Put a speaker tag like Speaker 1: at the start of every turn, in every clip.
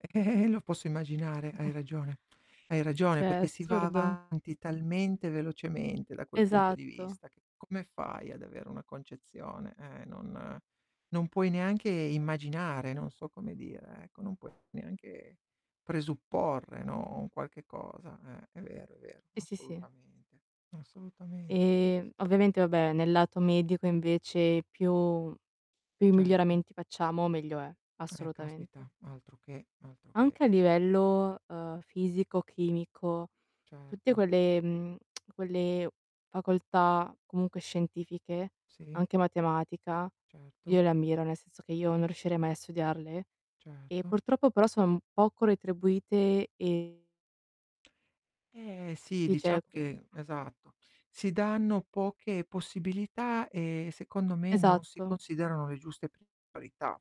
Speaker 1: Eh, eh, lo posso immaginare, hai ragione. Hai ragione
Speaker 2: Cioè
Speaker 1: perché si va
Speaker 2: assurdo.
Speaker 1: avanti, talmente velocemente, da quel punto di
Speaker 2: Esatto.
Speaker 1: vista, che come fai ad avere una concezione? Eh, non non puoi neanche immaginare, non so come dire, ecco, non puoi neanche presupporre, no, un qualche cosa. Eh, è vero, è vero.
Speaker 2: Sì, sì, sì.
Speaker 1: Assolutamente, assolutamente sì, sì,
Speaker 2: Ehm,
Speaker 1: s
Speaker 2: ovviamente, vabbè, nel lato medico invece più più
Speaker 1: Certo.
Speaker 2: miglioramenti facciamo meglio è,
Speaker 1: Eh caspita,
Speaker 2: assolutamente.
Speaker 1: altroché, altroché,
Speaker 2: Anche a
Speaker 1: sì, sì, s
Speaker 2: livello, ehm, fisico, chimico, tutte
Speaker 1: Certo.
Speaker 2: quelle, mhmm, quelle facoltà comunque scientifiche,
Speaker 1: Sì.
Speaker 2: anche matematica,
Speaker 1: Certo.
Speaker 2: io le ammiro, nel senso che io non riuscirei mai a studiarle. E
Speaker 1: Certo.
Speaker 2: purtroppo però sono m poco retribuite e
Speaker 1: Eh sì,
Speaker 2: e cioè
Speaker 1: diciamo che esatto, si danno poche possibilità, e secondo me non si
Speaker 2: Esatto.
Speaker 1: considerano le giuste priorità,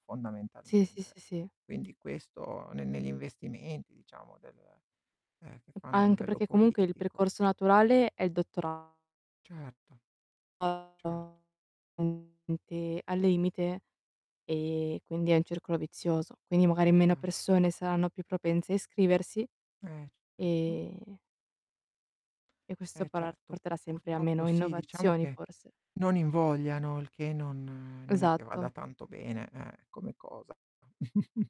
Speaker 2: Sì, sì,
Speaker 1: fondamentalmente.
Speaker 2: sì, sì.
Speaker 1: Quindi questo ne negli investimenti, diciamo, del ehm, che fanno a
Speaker 2: Anche,
Speaker 1: livello
Speaker 2: perché comunque il
Speaker 1: politico.
Speaker 2: percorso naturale è il
Speaker 1: Certo. Certo.
Speaker 2: dottorato [unintelligible] mente al limite, ehm, quindi è un circolo vizioso. Quindi
Speaker 1: È
Speaker 2: magari meno
Speaker 1: chia
Speaker 2: persone saranno più propense a iscriversi
Speaker 1: Eh, certo.
Speaker 2: e e questo
Speaker 1: Eh
Speaker 2: parà
Speaker 1: certo,
Speaker 2: porterà sempre a
Speaker 1: purtroppo
Speaker 2: meno
Speaker 1: sì, diciamo
Speaker 2: innovazioni,
Speaker 1: che
Speaker 2: forse.
Speaker 1: non invogliano, il che non non è che vada
Speaker 2: Esatto.
Speaker 1: tanto bene, eh, come cosa.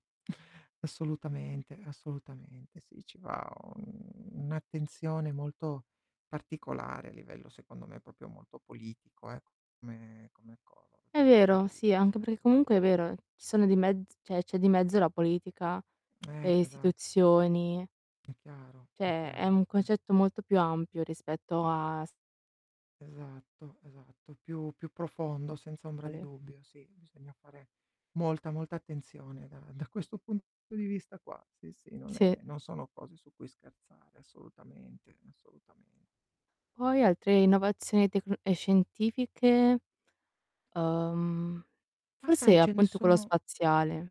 Speaker 1: Assolutamente, assolutamente, sì, ci va un un'attenzione molto particolare a livello, secondo me, proprio molto politico, ecco, come come cosa da
Speaker 2: È
Speaker 1: questo
Speaker 2: vero,
Speaker 1: punto di
Speaker 2: sì, anche
Speaker 1: vista,
Speaker 2: perché
Speaker 1: sì.
Speaker 2: comunque è vero, ci sono di mezz cioè c'è di mezzo la politica, le
Speaker 1: Eh, esatto.
Speaker 2: istituzioni.
Speaker 1: È chiaro, è
Speaker 2: Cioè è
Speaker 1: chiaro,
Speaker 2: un
Speaker 1: eh.
Speaker 2: concetto molto più ampio rispetto a s
Speaker 1: Esatto, esatto. Più più profondo, senza ombra
Speaker 2: A
Speaker 1: di
Speaker 2: le
Speaker 1: dubbio, sì. Bisogna fare molta, molta attenzione da da questo punto di vista qua. Sì, sì, non
Speaker 2: Sì.
Speaker 1: è non sono cose su cui scherzare, assolutamente, assolutame
Speaker 2: Poi altre innovazioni tecno ehm, scientifiche, uhm,
Speaker 1: Ma sai,
Speaker 2: forse
Speaker 1: ce ne
Speaker 2: appunto quello
Speaker 1: sono
Speaker 2: spaziale.